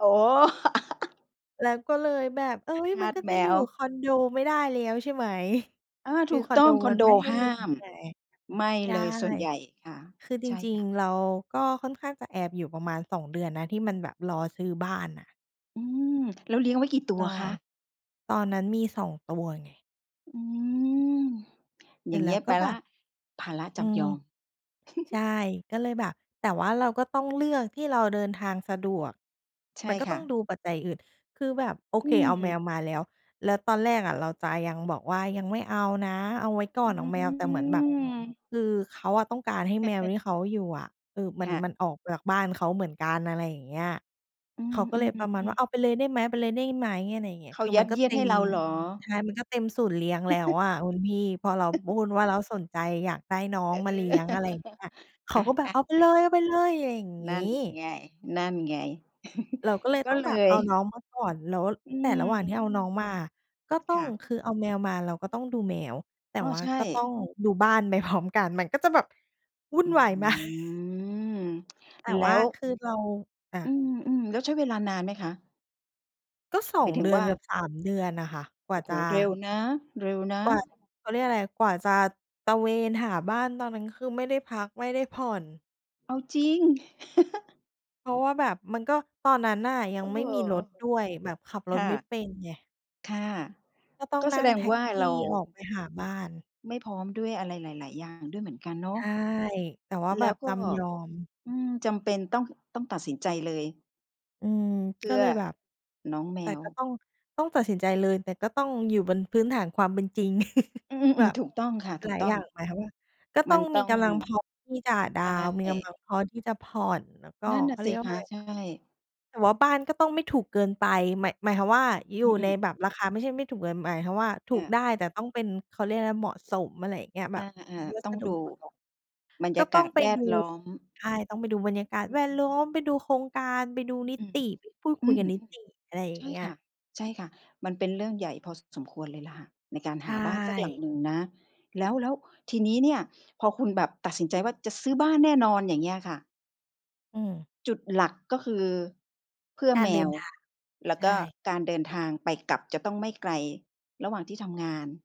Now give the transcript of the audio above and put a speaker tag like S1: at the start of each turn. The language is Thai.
S1: อ๋อ
S2: แล้วก็เลยแบบ เฮ้ย
S1: ท
S2: มั
S1: า
S2: น
S1: ส
S2: ก็
S1: แ
S2: จ
S1: ม
S2: ะอยู่
S1: ว
S2: คอนโดไม่ได้แล้วใช่ ไหม
S1: อา
S2: ค
S1: ถ
S2: ือ
S1: ูก
S2: คอ
S1: ต
S2: น
S1: ้
S2: โ
S1: อ
S2: ด
S1: งคอ
S2: ม
S1: น
S2: ัน
S1: โด
S2: ไม่ให้
S1: ห
S2: เลี
S1: ้
S2: ้
S1: า
S2: ยง
S1: ม
S2: ไง
S1: ไม่
S2: ใช่
S1: เลยส่วนใหญ่ค่ะ
S2: คือจ
S1: ใช่
S2: ริ
S1: ค
S2: ง
S1: ่ะ
S2: ๆ เราก็ค่อนข้างจะแอบอยู่ประมาณ 2 เดือนนะ ที่มันแบบรอซื้อบ้านอะ
S1: อืม แล้วเลี้ยงไว้กี่ตั
S2: ร
S1: ว
S2: อ
S1: คะ?
S2: ตอนนั้นมีสองตัวไง
S1: อืม
S2: เส
S1: อ
S2: ร
S1: ย่
S2: ็
S1: าง
S2: จแ
S1: เ
S2: ล
S1: งี
S2: ้
S1: ้
S2: ว
S1: ย
S2: ก
S1: ไป
S2: ็แ
S1: แ
S2: บ
S1: ล้ว
S2: บ
S1: ภาระจ
S2: อื
S1: ำย
S2: ม
S1: อม
S2: ใช่ ก็เลยแบบ แต่ว่าเราก็ต้องเลือกที่เราเดินทางสะดวก
S1: ใช่
S2: มันก็
S1: ค
S2: ต
S1: ่
S2: ้อง
S1: ะ
S2: ดูปัจจัยอื่น คือแบบโอ
S1: อ
S2: เ
S1: ื
S2: คเอาแมว
S1: ม
S2: มาแล้ว แล้วตอนแรกอะเราจะยังบอกว่า ยังไม่เอานะเอาไว้ก่
S1: อ
S2: อ
S1: ื
S2: นเอาแมว แต่เหมือนแบบ
S1: ม
S2: คือเขาอะต้องการให้แมวที่เขาอยู่อะ เออ มั
S1: ค
S2: น
S1: ่ะ
S2: มันออกจากบ้านเขาเหมือนกัน อะไรอย่างเงี้ย
S1: อื
S2: เขาก็เลยประมาณว่
S1: อ
S2: า
S1: ๆ
S2: เอ
S1: ๆ
S2: า
S1: ๆ
S2: ไปเลยได้ไหม เอาไปเลยได้ไหม อะไรเงี้ย
S1: เข
S2: ค
S1: า
S2: ือ
S1: ย
S2: ม
S1: ั
S2: ัน
S1: ด
S2: ก
S1: เ
S2: ็
S1: ยี
S2: เ
S1: ยด
S2: ต็
S1: ให้
S2: ม
S1: เราเหรอ?
S2: ใช่ มันก็เต็มศูนย์เลี้ยงแล้วอะคุณพี่ พอเราพูดว่าเราสนใจอยากได้น้อ
S1: เ
S2: ง
S1: อ
S2: มาเลี้
S1: อ
S2: ยง อะไรเงี้ย เข
S1: อ
S2: าก็แบบ
S1: ะ
S2: เอาไปเล
S1: ๆ ๆ
S2: ย เอาไปเลย อะไรอย่างง
S1: น
S2: ี
S1: ั่น
S2: ้
S1: ไง นั่นไง
S2: เราก็เลย
S1: ก
S2: ต
S1: ็
S2: ้อง
S1: เ
S2: แ
S1: ล
S2: บบเอ
S1: ย
S2: าน้องมาก่อน แล้ว
S1: อื
S2: แต่ระหว่างที่
S1: ม
S2: เอาน้องมา ก็ต้
S1: ค
S2: อ
S1: ่
S2: ง
S1: ะ
S2: คือเอาแมวมาเราก็ต้องดูแมว แต่
S1: อ้อ
S2: ว่า
S1: ใช่
S2: ก็ต้องดูบ้านไปพร้อมกัน มันก็จะแบบวุ่
S1: อ
S2: น
S1: ื
S2: วาย มาก
S1: ม
S2: แต่
S1: แล
S2: ว
S1: ้
S2: ่า
S1: ว
S2: คือเรา อ
S1: อื
S2: ะ
S1: ม ๆ แล้วใช้เวลานานไหมคะ?
S2: ก็ สอ
S1: หม
S2: ง
S1: ายถึ
S2: เดื
S1: ง
S2: อ
S1: ว
S2: น
S1: ่า
S2: เกือบ 3 เดือนอะค่ะ กว่
S1: โ
S2: า
S1: อ้โ
S2: จ
S1: ฮ
S2: ะ
S1: เร็วนะ เร็วนะ
S2: กว่า เขาเรียกไรอะ กว่าจะตระเวนหาบ้าน ตอนนั้นคือไม่ได้พัก ไม่ได้ผ่อน
S1: เอาจริง
S2: เพราะว่าแบบมันก็ตอนนั้นน่ะ ยั
S1: เอ
S2: ง
S1: อ
S2: ไม่มีรถด้วย แบบขับร
S1: ค
S2: ถ
S1: ่
S2: ไม่
S1: ะ
S2: เป็นไง
S1: ค่ะ
S2: ก็ต้อง
S1: ก็
S2: น
S1: แส
S2: ั่ง
S1: ด
S2: แ
S1: ง
S2: ท็
S1: ว
S2: ก
S1: ่า
S2: ซี
S1: เร
S2: ่
S1: า
S2: ออกไปหาบ้าน
S1: ไม่พร้อมด้วย อะไรหลาย ๆ อย่างด้วยเหมือนกันเนา
S2: ใช
S1: ะ
S2: ่ แต่ว่า
S1: แ
S2: แ
S1: ล
S2: บ
S1: ้
S2: บ
S1: วก
S2: จ
S1: ็
S2: ำยอม
S1: อืม จำเป็นต้อง ต้องตัดสินใจเลย
S2: อืม
S1: เพ
S2: ก
S1: ื
S2: ็
S1: ่
S2: เ
S1: อ
S2: ลยแบบ
S1: น้องแม
S2: แต่
S1: ว
S2: ก็ต้อง ต้องตัดสินใจเลย แต่ก็ต้องอยู่บนพื้นฐานความเป็นจริง
S1: อื
S2: แบ
S1: ม ๆ
S2: บ
S1: ๆ ถูกต้องค่ะ ถ
S2: ห
S1: ู
S2: ล
S1: ก
S2: าย
S1: ต้
S2: อ
S1: อ
S2: ย
S1: ง
S2: ่าง หมายความว่า ก็ต
S1: ม
S2: ้
S1: ั
S2: อ
S1: น
S2: ง
S1: ต
S2: ม
S1: ้
S2: ี
S1: อง
S2: กำลังพอที่จะด
S1: ใ
S2: า
S1: ช
S2: วน์ มีกำล
S1: ่
S2: ังพอที่จะผ่อน แล้วก็
S1: นั่นน
S2: เ
S1: ่
S2: ข
S1: ะ
S2: า
S1: ส
S2: เรี
S1: ิ
S2: ยกว่
S1: ค
S2: า
S1: ะ
S2: ไร
S1: ใช
S2: นะ
S1: ่
S2: แต่ว่าบ้านก็ต้องไม่ถูกเกินไป หมาย หมายความว่า อยู
S1: อ
S2: ่
S1: ื
S2: ใน
S1: อ
S2: แบบราคา ไม่ใช่ไม่ถูกเกินไป หมายถึงว่า ถู
S1: ค่
S2: กได้
S1: ะ
S2: แต่ต้องเป็น เขาเรียกไรนะ เหมาะสม อะไรอย่างเงี้ย แบ
S1: อา
S2: บ
S1: อา
S2: ดูวั
S1: ต้
S2: ส
S1: อง
S2: ดุ
S1: ดู
S2: ประกอบ
S1: บรร
S2: ก
S1: ย
S2: ็
S1: า
S2: ต
S1: ก
S2: ้อ
S1: า
S2: ง
S1: ศ
S2: ไป
S1: แว
S2: ด
S1: ด
S2: ู
S1: ล้อม
S2: ใช่ ต้องไปดูบรรยากาศ
S1: อ
S2: แวดล้
S1: ืม
S2: อม ไปดูโครงการ ไปดูนิ
S1: อื
S2: ต
S1: ม
S2: ิ ไปพูดค
S1: อ
S2: ุ
S1: ื
S2: ย
S1: ม
S2: กับนิติ อะไรอย่
S1: ใ
S2: า
S1: ช
S2: ง
S1: ่
S2: เงี้
S1: ค
S2: ย
S1: ่ะ ใช่ค่ะ มันเป็นเรื่องใหญ่พอสมควรเลยล่ะค่ะ ในการ
S2: ใช
S1: หาบ้านสักหลัง
S2: ่
S1: หนึ่งนะ แล้ว แล้วทีนี้เนี่ย พอคุณแบบตัดสินใจว่า จะซื้อบ้านแน่นอน อย่างเงี้ยค่ะ
S2: อืม
S1: จุดหลักก็คือ เพื่อ
S2: กา
S1: แ
S2: ร
S1: ม
S2: เดิน
S1: ว
S2: ทาง
S1: แล้
S2: ใ
S1: ว
S2: ช
S1: ก็
S2: ่
S1: การเดินทางไปกลับ จะต้องไม่ไกลระหว่างที่ทำงาน